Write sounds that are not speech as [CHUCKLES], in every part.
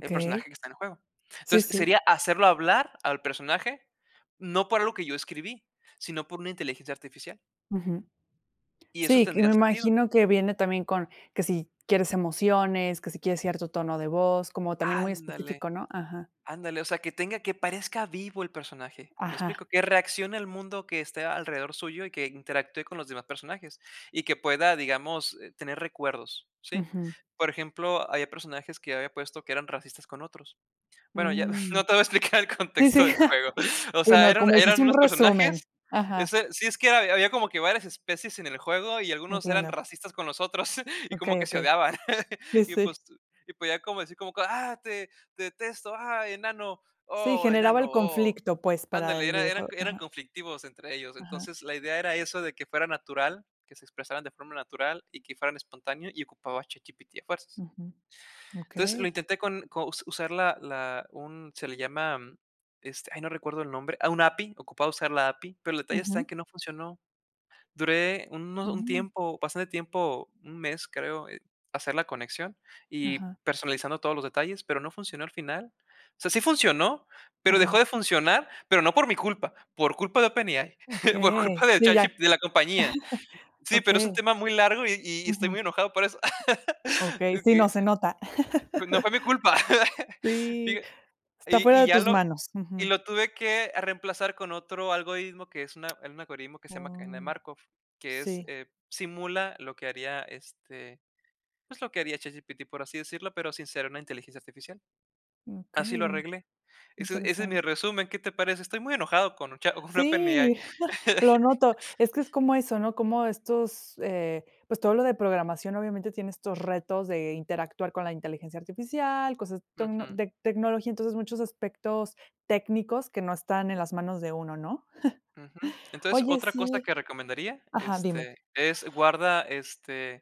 El personaje que está en el juego. Sí, Entonces, sí. sería hacerlo hablar al personaje, no por algo que yo escribí, sino por una inteligencia artificial. Ujú. Y eso Sí, y tendría me sentido. imagino que viene también con que si quieres emociones, que si quieres cierto tono de voz, como también muy Ándale. específico, ¿no? Ajá. Ándale. O sea, que tenga que parezca vivo el personaje, ¿me Ajá. explico? Que reaccione el mundo que esté alrededor suyo, y que interactúe con los demás personajes, y que pueda, digamos, eh, tener recuerdos, ¿sí? Ujú. Por ejemplo, había personajes que había puesto, que eran racistas con otros. Bueno, ya [CHUCKLES] Mm. no te voy explicar el Sí, contexto sí. del juego. [CHUCKLES] O sea, Bueno, eran como eran hiciste un unos resumen. personajes, Ajá. ese sí, es que había había, como que varias especies en juego, y algunos eran Entiendo. racistas con los otros, [CHUCKLES] y como Okey, que se okey. odiaban. [GIGGLES] Sí, Y, sí. pues, y podía como decir como que: "Ah, te detesto. Ah, enano. Sí, Oh, generaba enano, el oh". conflicto, pues, para Ándale, el era eran videojuego. eran Ajá. conflictivos entre ellos. Ajá. Entonces, la idea era eso, de que fuera natural, que se expresaran de forma natural, y que fueran espontáneo, y ocupaba ChatGPT a fuerzas. Ujú. Entonces, lo Okey. intenté con co u usar la la un se le llama, este, ay, no recuerdo el nombre. Ah, una API. Ocupaba usar la API, pero el detalle está en Ujú. que no funcionó. Duré uno un Mm. tiempo, bastante tiempo, 1 mes, creo, en hacer la conexión y Ajá. personalizando todos los detalles, pero no funcionó al final. O sea, sí funcionó, pero dejó de Ajá. funcionar, pero no por mi culpa, por culpa de OpenAI por Okey, culpa de sí, ya, ChatG de la compañía. [CHUCKLES] Sí, pero es un okey. tema muy largo, y y estoy Ujú. muy enojado por eso [LAUGHS] Okey. el Sí, que no, se nota. pues no fue mi culpa. [LAUGHS] [LAUGHS] Sí, Fíja está y fuera y de ya tus lo manos. y Ujú. lo tuve que, ah, reemplazar con otro algoritmo, que es un a un algoritmo que se llama, Cadena de Oh. Markov, que es, Sí. eh, simula lo que haría, este, pues, lo que haría ChatGPT, por así decirlo, pero sin ser una inteligencia artificial. Así lo Okey. arreglé. Ese ese es mi Interesante. resumen, ¿qué te parece? Estoy muy enojado con Chat con OpenAI Sí, [CHUCKLES] lo noto. Es que es [LAUGHS] como eso, ¿no? Como estos, eh, pues todo lo de programación obviamente tiene estos retos de interactuar, con la inteligencia artificial, cosas tocno Ujú. de tecnología, entonces, muchos aspectos técnicos, que no están en las manos de uno, ¿no? Ujú. [CHUCKLES] Entonces, Oye, otra cosa sí que recomendaría, ajá, dime. este, es guarda, este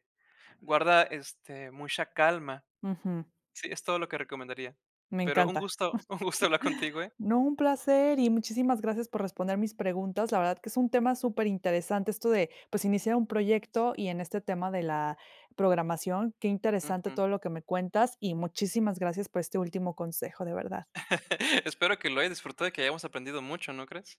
es guarda, este, mucha calma. Ujú. Sí, es todo lo que recomendaría, Me pero un encanta. [LAUGHS] gusto un gusto hablar contigo, ¿eh? No, un placer, y muchísimas gracias por responder mis preguntas. La verdad que es un tema superinteresante, esto de, pues, iniciar un proyecto, y en este tema de la programación. Qué interesante Ujú. todo lo que me cuentas, y muchísimas gracias por este último consejo, de verdad. [LAUGHS] Espero que lo hayas disfrutado, y que hayamos aprendido mucho, ¿no crees?